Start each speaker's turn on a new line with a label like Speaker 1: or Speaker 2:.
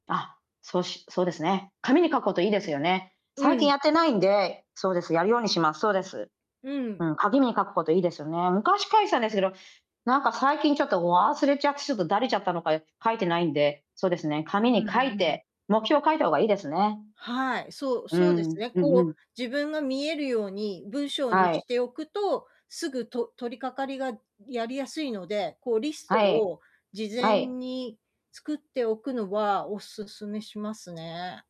Speaker 1: あ、そうしそうですね。紙に書くこと良いですよね。
Speaker 2: う
Speaker 1: 最近
Speaker 2: ん。
Speaker 1: やってないんでそうです、やるようにします。そうです。
Speaker 2: うん。
Speaker 1: うん、紙に書くこと良いですよね。昔書いてたんですけど、なんか、最近ちょっと忘れちゃって、ちょっとだれちゃったのか、よ書いてないんで、そうですね、紙
Speaker 2: う
Speaker 1: に
Speaker 2: ん、ふ
Speaker 1: 書い
Speaker 2: ん、うん。
Speaker 1: て、目標を書いた方がいいですね。
Speaker 2: はい、そう
Speaker 1: う
Speaker 2: そうです
Speaker 1: ん、
Speaker 2: ね。
Speaker 1: うん
Speaker 2: こ
Speaker 1: う
Speaker 2: う、
Speaker 1: ん。
Speaker 2: 自分が見えるように、文章に
Speaker 1: はい。
Speaker 2: しておくと、すぐと取り掛かりがやりやすいので、こう、リスト
Speaker 1: はい。
Speaker 2: を事
Speaker 1: は
Speaker 2: 前
Speaker 1: い。
Speaker 2: に作っておくのはお勧めしますね。